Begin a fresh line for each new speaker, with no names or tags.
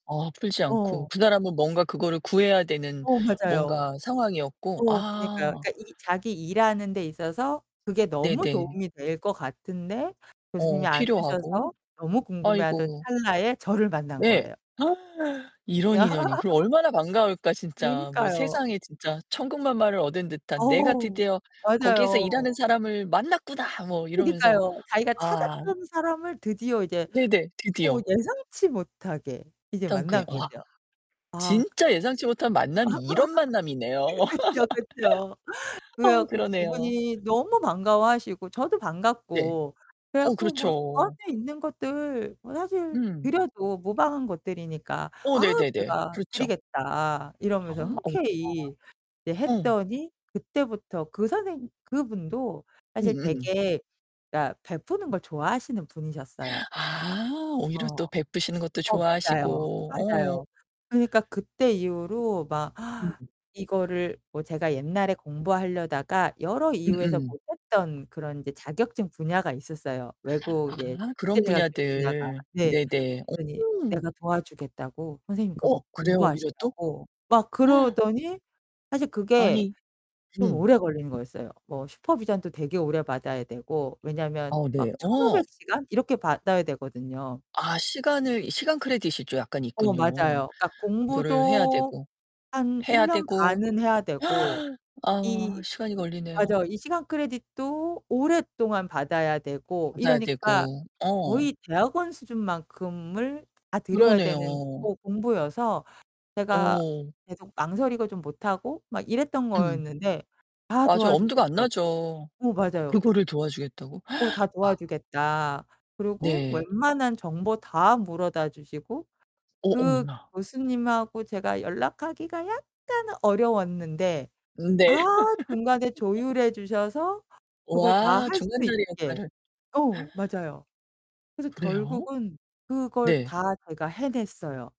어 풀지 않고
어.
그 사람은 뭔가 그거를 구해야 되는
어 맞아요.
뭔가 상황이었고?
어 그니까요.
아.
그러니까 이 자기 일하는 데 있어서 그게 너무
네네.
도움이 될 것 같은데
어
교수님이 안
필요하고.
주셔서 너무 궁금해 하던
아이고.
찰나에 저를 만난
네.
거예요.
이런 인연이 그럼 얼마나 반가울까, 진짜. 뭐
그러니까요.
세상에 진짜 천군만마를 얻은 듯한 "내가
어
드디어 거기에서 일하는
맞아요.
사람을 만났구나." 뭐 이러면서
그니까요. 자기가
아
찾았던 사람을 드디어 이제
네네.
어
드디어.
예상치 못하게 이제
떤 게
만난
와
거죠. 아
진짜 예상치 못한 만남이 이런 만남이네요.
그 그쵸, 그쵸. 그래
어
갖고
그러네요.
그분이 너무 반가워하시고 저도
네.
반갑고 그래
어
갖고 뭐 저한테
그렇죠.
있는 것들 뭐 사실
음.
드려도 무방한 것들이니까
오
"아
네네네.
제가
그렇죠.
드리겠다." 이러면서
오
흔쾌히 이제
아. 음.
했더니 그때부터 그 선생님 그분도 사실
음음.
되게 그러니까 베푸는 걸 좋아하시는 분이셨어요.
아 오히려
어.
또 베푸시는 것도
어 맞아요.
좋아하시고. 어.
맞아요. 그니까 그때 이후로 막
음음.
이거를 뭐 제가 옛날에 공부하려다가 여러 이유에서
음음.
못했던 그런 이제 자격증 분야가 있었어요, 외국 이제
아
국제
그런
자격증 분야가.
분야들.
네.
네네.
그랬더니
오.
내가 도와주겠다고 선생님 그거
어 그래요? 오히려 또?
공부하시라고 막 그러더니 사실 그게
아니
좀
음.
오래 걸린 거였어요. 뭐 슈퍼비전도 되게 오래 받아야 되고 왜냐면
어
막
네. 어.
1,500 시간 이렇게 받아야 되거든요.
아 시간을 시간 크레딧이 좀 약간
어
있군요.
맞아요. 그러니까
그거를 해야
공부도
되고,
한
해야
1 년
되고.
반은 해야 되고
아
이
시간이
이
걸리네요.
맞아 이 시간 크레딧도 오랫동안 받아야 되고
받아야
이러니까
되고. 어.
거의 대학원 수준만큼을 다 들여야 되는
그러네요.
어 공부여서 제가
어.
계속 망설이고 좀 못하고 막 이랬던
음.
거였는데 다
맞아요. 엄두가 안
도와주겠다고
나죠.
어 맞아요.
그거를 도와주겠다고.
어 "다
와.
도와주겠다." 그러고
네.
웬만한 정보 다 물어다 주시고
어
그
어머나.
교수님하고 제가 연락하기가 약간 어려웠는데 다
네.
중간에 조율해 주셔서 그걸 다
와,
할 수
중간 다리
있게
역할을.
어 맞아요. 그래서
그래요?
결국은 그걸
네.
다 제가 해냈어요.